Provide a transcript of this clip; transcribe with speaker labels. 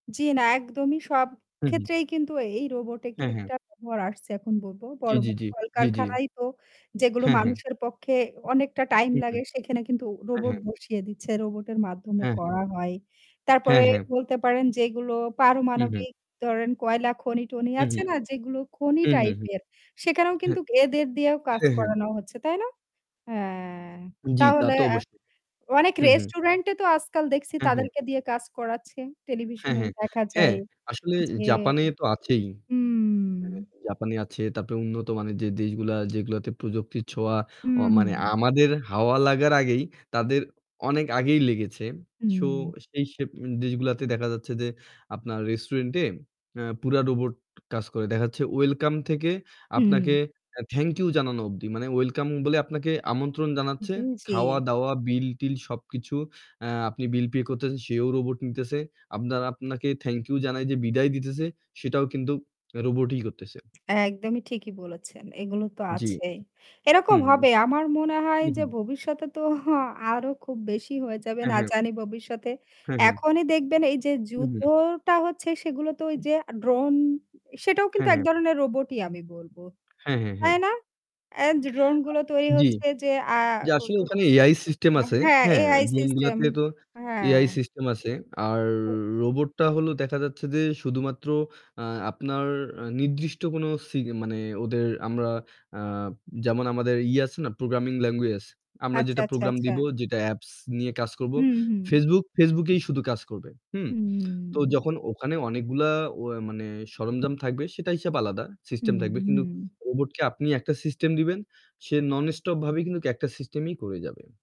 Speaker 1: জ্বি না একদমই সব
Speaker 2: হু, হু।
Speaker 1: ক্ষেত্রেই কিন্তু এই রোবটের
Speaker 2: হ্যাঁ, হ্যাঁ।
Speaker 1: একটা খবর আসছে এখন বলব
Speaker 2: জ্বী
Speaker 1: বড়ো,
Speaker 2: জ্বী
Speaker 1: বড়ো
Speaker 2: জ্বী, জ্বী জ্বী।
Speaker 1: কলকারখানায় হোক, যেগুলো
Speaker 2: হ্যাঁ হ্যাঁ।
Speaker 1: মানুষের পক্ষে অনেকটা টাইম
Speaker 2: হুম।
Speaker 1: লাগে সেখানে কিন্তু
Speaker 2: হ্যাঁ,
Speaker 1: রোবট
Speaker 2: হ্যাঁ।
Speaker 1: বসিয়ে দিচ্ছে রোবটের মাধ্যমে
Speaker 2: হ্যাঁ, হ্যাঁ।
Speaker 1: করা হয়। তারপরে
Speaker 2: হ্যাঁ, হ্যাঁ।
Speaker 1: বলতে পারেন যেগুলো
Speaker 2: হু, হু।
Speaker 1: পারমাণবিক, ধরেন কয়লা খনি-টনি
Speaker 2: হু, হু।
Speaker 1: আছে না? যেগুলো খনি
Speaker 2: হু, হু
Speaker 1: টাইপ
Speaker 2: ,হু।
Speaker 1: এর সেখানেও
Speaker 2: হ্যাঁ,
Speaker 1: কিন্তু এদের দিয়েও কাজ
Speaker 2: হ্যাঁ, হ্যাঁ।
Speaker 1: করানো হচ্ছে। তাই না? হ্যাঁ,
Speaker 2: জ্বি, তা
Speaker 1: তাহলে,
Speaker 2: তো
Speaker 1: অ্যা
Speaker 2: অবশ্যই।
Speaker 1: অনেক
Speaker 2: হু, হু।
Speaker 1: রেস্টুরেন্ট এ তো আজকাল দেখছি
Speaker 2: হু, হু।
Speaker 1: তাদেরকে দিয়ে কাজ করাচ্ছে।
Speaker 2: হ্যাঁ,
Speaker 1: টেলিভিশনেও
Speaker 2: হ্যাঁ,
Speaker 1: দেখা
Speaker 2: হ্যাঁ।
Speaker 1: যায়
Speaker 2: আসলে
Speaker 1: যে,
Speaker 2: জাপানে তো আছেই। অ্যা
Speaker 1: হম
Speaker 2: জাপানে আছে তারপরে উন্নত মানে যে দেশগুলা যেগুলোতে প্রযুক্তির ছোঁয়া ও মানে
Speaker 1: উহু।
Speaker 2: আমাদের হাওয়া লাগার আগেই তাদের অনেক আগেই লেগেছে। সো
Speaker 1: হুম।
Speaker 2: সেই সব দেশগুলাতে দেখা যাচ্ছে যে আপনার রেস্টুরেন্ট অ্যা পুরো রোবট কাজ করে। দেখা যাচ্ছে ওয়েলকাম থেকে
Speaker 1: হুম।
Speaker 2: আপনাকে থ্যাংক ইউ জানানো অবধি। মানে ওয়েলকাম বলে আপনাকে আমন্ত্রণ জানাচ্ছে।
Speaker 1: জি, জি।
Speaker 2: খাওয়া-দাওয়া, বিল-টিল সবকিছু আপনি আ বিল পে করতেছেন, রোবট নিতেসে। আপনারা আপনাকে থ্যাংক ইউ জানাতে যে বিদায় দিতেছে সেটাও কিন্তু রোবটই করতেছে।
Speaker 1: একদমই ঠিকই বলেছেন এগুলো তো
Speaker 2: জ্বি।
Speaker 1: আছেই।
Speaker 2: হু,
Speaker 1: এরকম
Speaker 2: হু।
Speaker 1: হবে আমার মনে হয়
Speaker 2: হু,
Speaker 1: যে
Speaker 2: হু।
Speaker 1: ভবিষ্যতে তো আরও খুব বেশি হয়ে যাবে
Speaker 2: হ্যাঁ,
Speaker 1: না
Speaker 2: হ্যাঁ,
Speaker 1: জানি ভবিষ্যতে
Speaker 2: হু, হু।
Speaker 1: এখনই দেখবেন এই যে
Speaker 2: উহু।
Speaker 1: যুদ্ধটা হচ্ছে সেগুলো তো ওই যে আ ড্রোন সেটাও
Speaker 2: হু,
Speaker 1: কিন্তু এক
Speaker 2: হু।
Speaker 1: ধরনের রোবটই আমি বলবো।
Speaker 2: হ্যাঁ, হ্যাঁ, হ্যাঁ।
Speaker 1: তাই না? এন্ড ড্রোনগুলো তৈরি
Speaker 2: জ্বি।
Speaker 1: হচ্ছে যে আ
Speaker 2: যে
Speaker 1: ও
Speaker 2: আসলে
Speaker 1: ও
Speaker 2: ওখানে AI সিস্টেম
Speaker 1: আ
Speaker 2: আছে।
Speaker 1: হ্যাঁ এ
Speaker 2: হ্যাঁ,
Speaker 1: সিস্টেম
Speaker 2: ড্রোনগুলাতে তো
Speaker 1: হ্যাঁ।
Speaker 2: AI সিস্টেম আছে। আর
Speaker 1: ও
Speaker 2: রোবটটা হলো দেখা যাচ্ছে যে শুধুমাত্র আ আপনার অ্যা নির্দিষ্ট কোনো সি মানে ওদের আমরা আ যেমন আমাদের ইয়ে আছে না প্রোগ্রামিং ল্যাঙ্গুয়েজ? আমরা
Speaker 1: আচ্ছা
Speaker 2: যেটা
Speaker 1: আচ্ছা
Speaker 2: প্রোগ্রাম
Speaker 1: আচ্ছা।
Speaker 2: দিবো, যেটা অ্যাপস নিয়ে কাজ করবো।
Speaker 1: হু, হু।
Speaker 2: Facebook, Facebook এই শুধু কাজ করবে। তো
Speaker 1: হুম।
Speaker 2: যখন ওখানে অনেকগুলা অয়াই মানে সরঞ্জাম থাকবে সেটা হিসাব আলাদা। সিস্টেম থাকবে। কিন্তু
Speaker 1: হুম।
Speaker 2: রোবটকে আপনি একটা সিস্টেম দিবেন। সে নন স্টপ ভাবে কিন্তু একটা সিস্টেমই করে যাবে।